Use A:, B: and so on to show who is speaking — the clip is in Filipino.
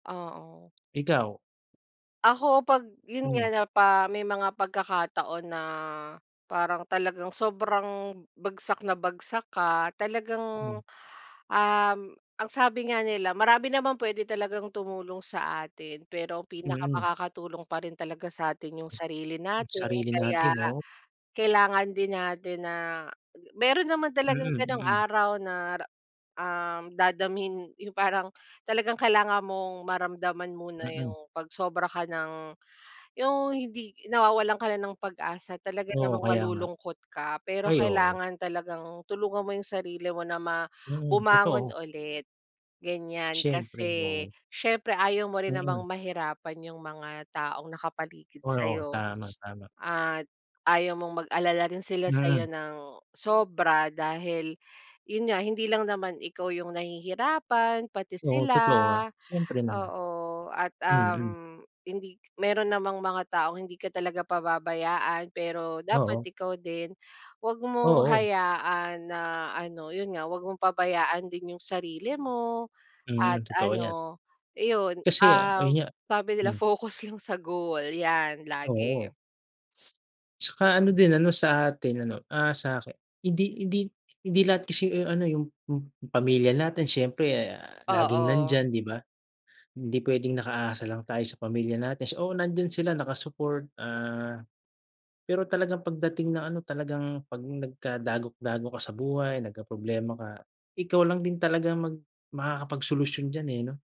A: Oo.
B: Ikaw?
A: Ako pag yun nga,
B: Hmm.
A: na pa may mga pagkakataon na, parang talagang sobrang, bagsak na bagsak ka, talagang,
B: Hmm.
A: uhm ang sabi nga nila, marami naman pwede talagang tumulong sa atin, pero
B: Mm.
A: pinakamakakatulong pa rin talaga sa'tin, yung sarili
B: Yung
A: natin.
B: sarili
A: Kaya,
B: natin, 'no?
A: kailangan din natin na ah ge meron naman talagang
B: Mm,
A: ganong
B: mm.
A: araw na re uhm, dadamhin yung parang, talagang kailangan mong, maramdaman muna
B: Mm.
A: yung pag sobra ka ng yung hindi nawawalan ka na ng pag-asa. Talaga
B: Oo,
A: namang
B: kaya nga.
A: malulungkot ka, pero
B: Ay, oo.
A: kailangan talagang tulungan mo yung sarili mo na ma
B: Mm,
A: bumangon
B: totoo.
A: ulit, ganyan.
B: Siyempre,
A: Kasi,
B: 'no.
A: siyempre ayaw mo rin namang
B: Mm.
A: mahirapan yung mga taong nakapaligid
B: Oo.
A: sa'yo,
B: Tama tama.
A: at ayaw mong mag-alala rin sila sa'yo
B: Mm.
A: ng, sobra dahil, yun nga, hindi lang naman ikaw yung nahihirapan, pati
B: Oo,
A: sila.
B: totoo, ah. Siyempre naman.
A: Oo, at
B: Mm.
A: uhm, hindi meron namang mga taong hindi ka talaga pababayaan, pero dapat
B: Oo.
A: ikaw din, huwag mong
B: Oo.
A: hayaan na ano, yun nga, huwag mong pabayaan din yung sarili mo, at
B: Mm, totoo 'yan.
A: ano iyon,
B: Kasi
A: uhm,
B: ayun nga
A: sabi nila,
B: hmm.
A: "Focus lang sa goal" 'yan lagi.
B: Oo. Tsaka ano din, ano sa atin ano, ah, sa aki hindi hindi hindi lahat kasi, eh, ano, yung p pamilya natin, siyempre, ah, laging
A: Oo.
B: nandiyan, 'di ba? Hindi pwedeng nakaasa lang tayo sa pamilya natin, oo, nandiyan sila naka-support. Ah, pero talagang pagdating ng ano talagang pag nagkadagok-dagok ka sa buhay, nagkaproblema ka, ikaw lang din talaga mag makakapagsolusyon diyan eh, 'no?